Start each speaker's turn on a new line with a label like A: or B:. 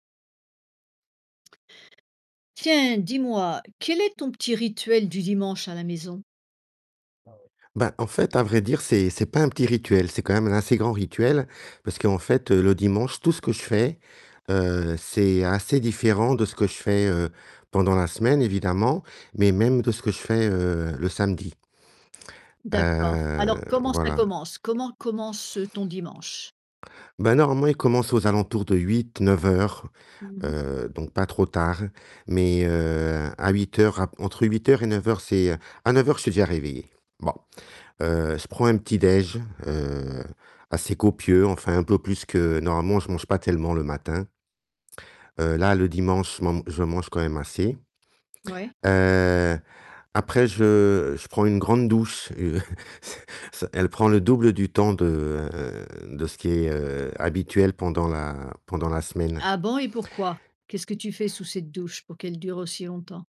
A: Tiens, dis-moi, quel est ton petit rituel du dimanche à la maison?
B: Ah ouais. Bah, en fait à vrai dire, c'est c'est pas un petit rituel, c'est quand même un assez grand rituel, parce qu'en fait, heu, le dimanche, tout ce que je fais, heu, c'est assez différent de ce que je fais, heu, pendant la semaine évidemment, mais même de ce que je fais, heu, le samedi
A: D'accord.
B: heu,
A: Alors comment ça
B: voilà.
A: commence? Comment commence, heu, ton dimanche?
B: Bah normalement il commence aux alentours de 8-9 heures.
A: Mmh mh.
B: Heu, donc pas trop tard. Mais, heu, à 8 heures à entre 8 heures et 9 heures c'est à 9 heures je suis déjà réveillé. Bon. Heu, je prends un petit déj'. Heu, assez copieux enfin un peu plus que normalement je mange pas tellement le matin. Heu, là le dimanche, je man je mange quand même assez.
A: Ouais.
B: Heu, après je je prends une grande douche Heu, c elle prend le double du temps de de ce qui est, heu, habituel pendant la pendant la semaine.
A: Ah bon et pourquoi? Qu'est-ce que tu fais sous cette douche pour qu'elle dure aussi longtemps?